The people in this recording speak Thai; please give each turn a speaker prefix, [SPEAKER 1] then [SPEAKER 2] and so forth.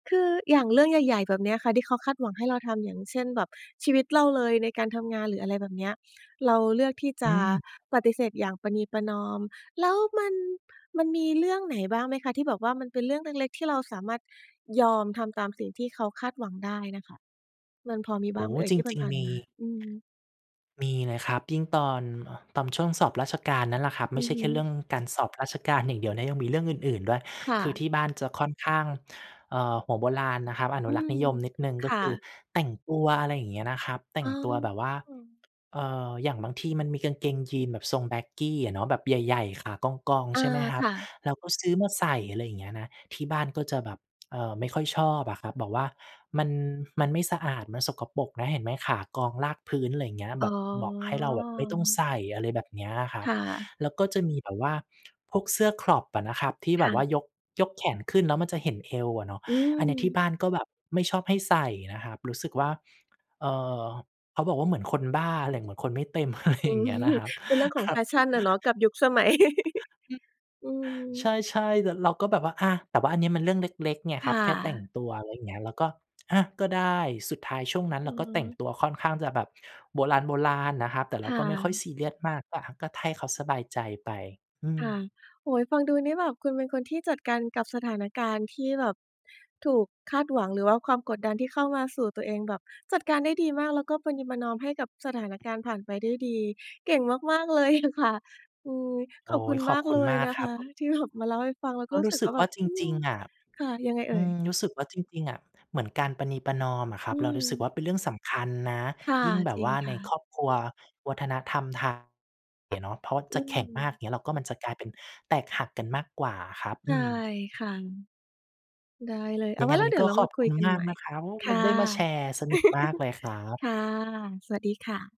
[SPEAKER 1] คืออย่างเรื่องใหญ่ ๆ แบบเนี้ยค่ะที่เขาคาดหวังให้เราทำ อย่างเช่น แบบชีวิตเราเลยในการทำงานหรืออะไรแบบเนี้ย เราเลือกที่จ
[SPEAKER 2] อ
[SPEAKER 1] ะ
[SPEAKER 2] ืม
[SPEAKER 1] ปฏิเสธอย่างประนีประนอม แล้วมัน มันมีเรื่องไหนบ้างไหมคะ? ที่แบบว่ามันเป็นเรื่องเล็ก ๆ ที่เราสามารถยอมทำตามสิ่งที่เขาคาดหวังได้น่ะค่ะ มันพอมี
[SPEAKER 2] โ
[SPEAKER 1] บ
[SPEAKER 2] อ
[SPEAKER 1] ้
[SPEAKER 2] ้
[SPEAKER 1] างไหมเอ่ย?
[SPEAKER 2] จ
[SPEAKER 1] ที่
[SPEAKER 2] ริง
[SPEAKER 1] ผ่า
[SPEAKER 2] ๆ
[SPEAKER 1] น
[SPEAKER 2] มี
[SPEAKER 1] ๆ มา อืม
[SPEAKER 2] มีเลยครับ ยิ่งตอน เอ่อ ตอนช่วงสอบราชการนั่นแหละครับ ไ
[SPEAKER 1] อ
[SPEAKER 2] ม
[SPEAKER 1] ื
[SPEAKER 2] ่ใ
[SPEAKER 1] อ
[SPEAKER 2] ช่
[SPEAKER 1] ฮ
[SPEAKER 2] แค
[SPEAKER 1] ึ
[SPEAKER 2] ่เรื่องการสอบราชการอย่างเดี๋ยวนะ ยังมีเรื่องอื่น ๆ ด้วย
[SPEAKER 1] ค่
[SPEAKER 2] คือ
[SPEAKER 1] ะ
[SPEAKER 2] ที่บ้านจะค่อนข้าง เอ่อ หัวโบราณนะครับ อน
[SPEAKER 1] อ
[SPEAKER 2] ุ
[SPEAKER 1] ื
[SPEAKER 2] รักษ
[SPEAKER 1] ม
[SPEAKER 2] ์นิยมนิดหนึ่ง
[SPEAKER 1] ค
[SPEAKER 2] ก็
[SPEAKER 1] ่
[SPEAKER 2] คือ
[SPEAKER 1] ะ
[SPEAKER 2] แต่งตัว อะไรอย่างเงี้ยนะครับ แต่
[SPEAKER 1] อ
[SPEAKER 2] ง
[SPEAKER 1] ๋
[SPEAKER 2] ตัวแบบว่า
[SPEAKER 1] อ
[SPEAKER 2] เอ่อ อย่างบางทีมันมีกางเกงยีนแบบทรง baggy อะเนาะ แบบใหญ่ ๆ ขากอง
[SPEAKER 1] อ
[SPEAKER 2] ๆ
[SPEAKER 1] า
[SPEAKER 2] ใช่ไหมคร
[SPEAKER 1] ค
[SPEAKER 2] ับ
[SPEAKER 1] ่ะ
[SPEAKER 2] เราก็ซื้อมาใส่ อะไรอย่างเงี้ยนะ ที่บ้านก็จะแบบ เอ่อ ไม่ค่อยชอบอะครับ บอกว่า "มัน มันไม่สะอาด มันสกปรกนะ เห็นไหมขากองลากพื้น" ไรเงี้ย แ
[SPEAKER 1] อ
[SPEAKER 2] บ
[SPEAKER 1] ๋
[SPEAKER 2] บบอกให้เราแบบไม่ต้อง
[SPEAKER 1] อ
[SPEAKER 2] ใส่ อะไรแบบเนี้ยครั
[SPEAKER 1] ค
[SPEAKER 2] บ
[SPEAKER 1] ่ะ
[SPEAKER 2] แล้วก็จะมีแบบว่าพวกเสื้อ crop อะนะครับ ที่
[SPEAKER 1] ค
[SPEAKER 2] แบ
[SPEAKER 1] ่
[SPEAKER 2] บว่
[SPEAKER 1] ะ
[SPEAKER 2] ายก ยกแขนขึ้นแล้วมันจะเห็นเอวอะเนาะ
[SPEAKER 1] อื
[SPEAKER 2] อันเนี้ยที่
[SPEAKER 1] ม
[SPEAKER 2] บ้านก็แบบไม่ชอบให้ใส่นะครับ รู้สึกว่า เอ่อ เขาบอกว่า "เหมือนคนบ้าอะไร เหมือนคนไม่เต็ม" อะไร
[SPEAKER 1] อื
[SPEAKER 2] อย่าง
[SPEAKER 1] ม
[SPEAKER 2] เงี้ยนะครับ
[SPEAKER 1] เป็นเรื่องของ passion อะเนาะ กับยุคสมัย
[SPEAKER 2] อืม
[SPEAKER 1] อื
[SPEAKER 2] ใช
[SPEAKER 1] ม
[SPEAKER 2] ่ ๆ แล้วเราก็แบบว่า อะ แต่ว่าอันนี้มันเรื่องเล็ก ๆ ไง
[SPEAKER 1] ค
[SPEAKER 2] ครั
[SPEAKER 1] ่
[SPEAKER 2] บ แค่แต่ง
[SPEAKER 1] ะ
[SPEAKER 2] ตัว อะไรอย่างเงี้ย เราก็ "อะ ก็ได้" สุดท้ายช่วงนั้น
[SPEAKER 1] อื
[SPEAKER 2] เรา
[SPEAKER 1] อ
[SPEAKER 2] ก็แต่
[SPEAKER 1] ฮ
[SPEAKER 2] ง
[SPEAKER 1] ึ
[SPEAKER 2] ตัวค่อนข้างจะแบบโบราณ ๆ นะครับ แต่เ
[SPEAKER 1] ค
[SPEAKER 2] รา
[SPEAKER 1] ่
[SPEAKER 2] ก็ไม่ค่อย
[SPEAKER 1] ะ
[SPEAKER 2] ซีเรียสมาก ก็ อะ ก็ให้ เขาสบายใจไป อื
[SPEAKER 1] ค่ะ
[SPEAKER 2] ม
[SPEAKER 1] โอ้โฮ ฟังดูนี่แบบคุณเป็นคนที่จัดการกับสถานการณ์ที่แบบถูกคาดหวัง หรือว่าความกดดันที่เข้ามาสู่ตัวเอง แบบจัดการได้ดีมากแล้วก็ประนีประนอมให้กับสถานการณ์ผ่านไปได้ดี เก่งมาก ๆ เลย อะค่ะ อืม
[SPEAKER 2] โอ๊
[SPEAKER 1] ขอบคุ
[SPEAKER 2] ย
[SPEAKER 1] ณ
[SPEAKER 2] ข
[SPEAKER 1] ม
[SPEAKER 2] อบ
[SPEAKER 1] าก
[SPEAKER 2] คุ
[SPEAKER 1] เ
[SPEAKER 2] ณ
[SPEAKER 1] ล
[SPEAKER 2] ม
[SPEAKER 1] ย
[SPEAKER 2] าก
[SPEAKER 1] นะ
[SPEAKER 2] คร
[SPEAKER 1] ค
[SPEAKER 2] ั
[SPEAKER 1] ะ
[SPEAKER 2] บ
[SPEAKER 1] ที่ แบบ มาเล่าให้ฟัง เราก
[SPEAKER 2] ก
[SPEAKER 1] ็
[SPEAKER 2] ็
[SPEAKER 1] รู
[SPEAKER 2] ร
[SPEAKER 1] ้
[SPEAKER 2] ู
[SPEAKER 1] ส
[SPEAKER 2] ้
[SPEAKER 1] ึก
[SPEAKER 2] สึ
[SPEAKER 1] ว่
[SPEAKER 2] ก
[SPEAKER 1] า
[SPEAKER 2] ว
[SPEAKER 1] แบ
[SPEAKER 2] ่า
[SPEAKER 1] บ
[SPEAKER 2] จ
[SPEAKER 1] อื
[SPEAKER 2] ริ
[SPEAKER 1] ม
[SPEAKER 2] ง ๆ อะ
[SPEAKER 1] ค่ะ ยังไงเ
[SPEAKER 2] อ
[SPEAKER 1] อ
[SPEAKER 2] ื
[SPEAKER 1] ่ย?
[SPEAKER 2] ม รู้สึกว่าจริง ๆ อะ เหมือนการประนีประนอมอะคร
[SPEAKER 1] อ
[SPEAKER 2] ั
[SPEAKER 1] ื
[SPEAKER 2] บเรารู้สึกว
[SPEAKER 1] ม
[SPEAKER 2] ่า เป็นเรื่องสำคัญนะ
[SPEAKER 1] ค่ะ
[SPEAKER 2] ยิ่งแบ
[SPEAKER 1] จ
[SPEAKER 2] บ
[SPEAKER 1] ริ
[SPEAKER 2] ว
[SPEAKER 1] ง
[SPEAKER 2] ่า
[SPEAKER 1] ค
[SPEAKER 2] ใน
[SPEAKER 1] ่
[SPEAKER 2] ค
[SPEAKER 1] ะ
[SPEAKER 2] รอบครัววัฒนธรรมไทยอะเนาะ เพราะว่า
[SPEAKER 1] อ
[SPEAKER 2] จ
[SPEAKER 1] ื
[SPEAKER 2] ะแข็งมาก
[SPEAKER 1] ม
[SPEAKER 2] อย่างเงี้ย แล้วก็มันจะกลายเป็นแตกหักกันมากกว่าอะครับ
[SPEAKER 1] ใช
[SPEAKER 2] อื
[SPEAKER 1] ่
[SPEAKER 2] ม
[SPEAKER 1] ค่ะ ได้เลย เอ
[SPEAKER 2] ยั
[SPEAKER 1] า
[SPEAKER 2] ง
[SPEAKER 1] ไ
[SPEAKER 2] ไง
[SPEAKER 1] ว้แ
[SPEAKER 2] ว
[SPEAKER 1] ล
[SPEAKER 2] ั
[SPEAKER 1] ้
[SPEAKER 2] น
[SPEAKER 1] ว
[SPEAKER 2] น
[SPEAKER 1] เ
[SPEAKER 2] ี
[SPEAKER 1] ด
[SPEAKER 2] ้
[SPEAKER 1] ี๋ย
[SPEAKER 2] ก็
[SPEAKER 1] วเรา
[SPEAKER 2] ข
[SPEAKER 1] ม
[SPEAKER 2] อ
[SPEAKER 1] า
[SPEAKER 2] บ
[SPEAKER 1] คุ
[SPEAKER 2] คุ
[SPEAKER 1] ย
[SPEAKER 2] ณ
[SPEAKER 1] กัน
[SPEAKER 2] มา
[SPEAKER 1] ให
[SPEAKER 2] ก
[SPEAKER 1] ม่
[SPEAKER 2] นะครับ โอ้โ
[SPEAKER 1] ค
[SPEAKER 2] ฮ มา
[SPEAKER 1] ่ะ
[SPEAKER 2] ได้มาแชร์ สนุกมากเลยครับ
[SPEAKER 1] ค่ะ สวัสดีค่ะ